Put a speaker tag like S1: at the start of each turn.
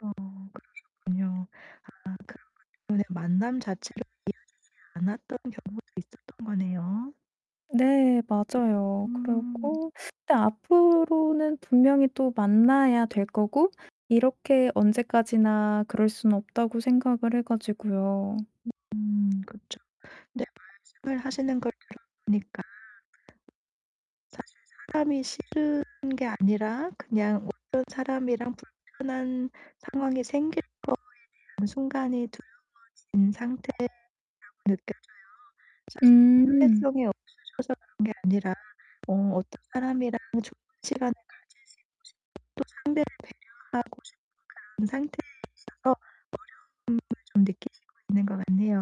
S1: 아 그러셨군요. 아 그러면 그냥 만남 자체로 이어지지 않았던 경우도 있었던 거네요.
S2: 네 맞아요.
S1: 음.
S2: 그리고 근데 앞으로는 분명히 또 만나야 될 거고 이렇게 언제까지나 그럴 순 없다고 생각을 해 가지고요.
S1: 음 그렇죠. 네 말씀을 하시는 걸 들어 보니까 사실 사람이 싫은 게 아니라 그냥 어떤 사람이랑 불편한 상황이 생길 거에 대한 순간이 두려워진 상태라고 느껴져요. 사실
S2: 음.
S1: 사회성이 없으셔서 그런 게 아니라 어 어떤 사람이랑 좋은 시간을 가지시고 싶어서 상대를 배려하고 싶은 그런 상태에 있어서 어려움을 좀 느끼시고 있는 것 같네요.